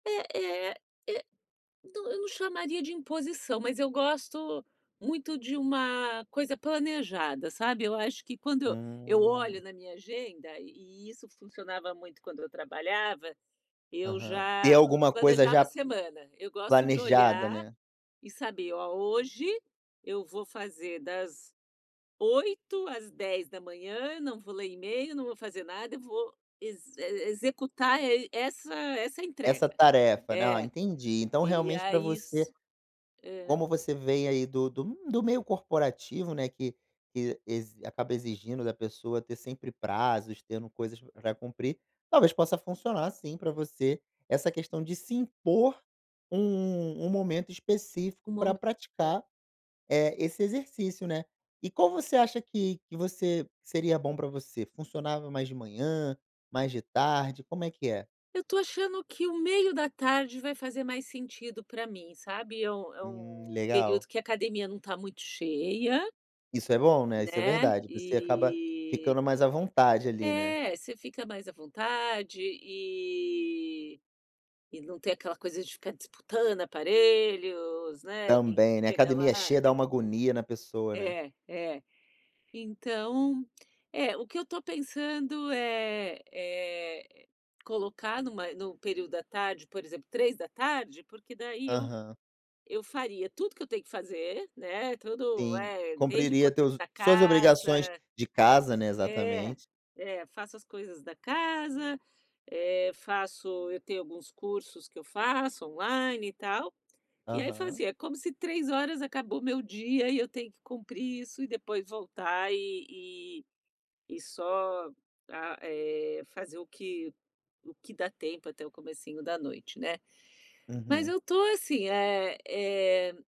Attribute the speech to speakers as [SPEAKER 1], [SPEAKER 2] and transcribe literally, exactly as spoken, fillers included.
[SPEAKER 1] É é é do eu não chamaria de imposição, mas eu gosto muito de uma coisa planejada, sabe. Eu acho que quando eu eu olho
[SPEAKER 2] Hum.
[SPEAKER 1] na minha agenda, e e isso funcionava muito quando eu trabalhava, eu
[SPEAKER 2] Aham. Ter
[SPEAKER 1] já
[SPEAKER 2] alguma coisa
[SPEAKER 1] planejava a
[SPEAKER 2] já
[SPEAKER 1] semana. Eu gosto de
[SPEAKER 2] planejada,
[SPEAKER 1] olhar
[SPEAKER 2] né.
[SPEAKER 1] e saber: "Ó, hoje, eu vou fazer das oito às dez da manhã, não vou ler email, não vou fazer nada, eu vou ex e e executar e essa essa
[SPEAKER 2] Essa
[SPEAKER 1] entrega".
[SPEAKER 2] tarefa, né. Ah,
[SPEAKER 1] É,
[SPEAKER 2] entendi, então
[SPEAKER 1] e
[SPEAKER 2] realmente para
[SPEAKER 1] aí
[SPEAKER 2] você,
[SPEAKER 1] isso é.
[SPEAKER 2] como você vem aí, do do m do meio corporativo, né, que que ex acaba exigindo da pessoa ter sempre prazos, tendo coisas para cumprir, talvez possa funcionar, sim, para você, essa questão de se impor um um momento
[SPEAKER 1] Um
[SPEAKER 2] específico para
[SPEAKER 1] mome é.
[SPEAKER 2] praticar, eh, esse exercício, né. E qual você acha que que você seria bom pra você? Funcionava mais de manhã, mais de tarde, como é que é?
[SPEAKER 1] Eu estou achando que o meio da tarde vai fazer mais sentido pra mim, sabe. É o é
[SPEAKER 2] Hum,
[SPEAKER 1] o
[SPEAKER 2] legal.
[SPEAKER 1] período que a academia não está muito cheia
[SPEAKER 2] Isso é bom, né, isso é
[SPEAKER 1] né,
[SPEAKER 2] verdade, você acaba
[SPEAKER 1] e
[SPEAKER 2] ficando mais à vontade, ali, né.
[SPEAKER 1] é, você fica mais à vontade e e não tem aquela coisa de ficar disputando aparelhos, né, e
[SPEAKER 2] Também, né.
[SPEAKER 1] chega lá
[SPEAKER 2] Academia cheia dá
[SPEAKER 1] é.
[SPEAKER 2] uma agonia na pessoa, né.
[SPEAKER 1] É, é. Então, eh, o que eu estou pensando é é colocar numa no período da tarde, por exemplo, três da tarde, porque daí eu
[SPEAKER 2] Aham.
[SPEAKER 1] eu faria tudo que eu tenho que fazer, né, todo
[SPEAKER 2] Sim,
[SPEAKER 1] é, desde
[SPEAKER 2] cumpriria
[SPEAKER 1] cuidar
[SPEAKER 2] teus
[SPEAKER 1] da
[SPEAKER 2] suas
[SPEAKER 1] casa
[SPEAKER 2] obrigações de casa, né,
[SPEAKER 1] é,
[SPEAKER 2] exatamente.
[SPEAKER 1] é, faço as coisas da casa, eh, faço eu tenho alguns cursos que eu faço, online, e tal, e aí
[SPEAKER 2] Aham.
[SPEAKER 1] fazia, como se três horas acabou meu dia, e eu tenho que cumprir isso, e depois voltar, e e e só a eh, fazer o que o que dá tempo até o comecinho da noite, né. Mas
[SPEAKER 2] Uhum.
[SPEAKER 1] eu estou assim, é é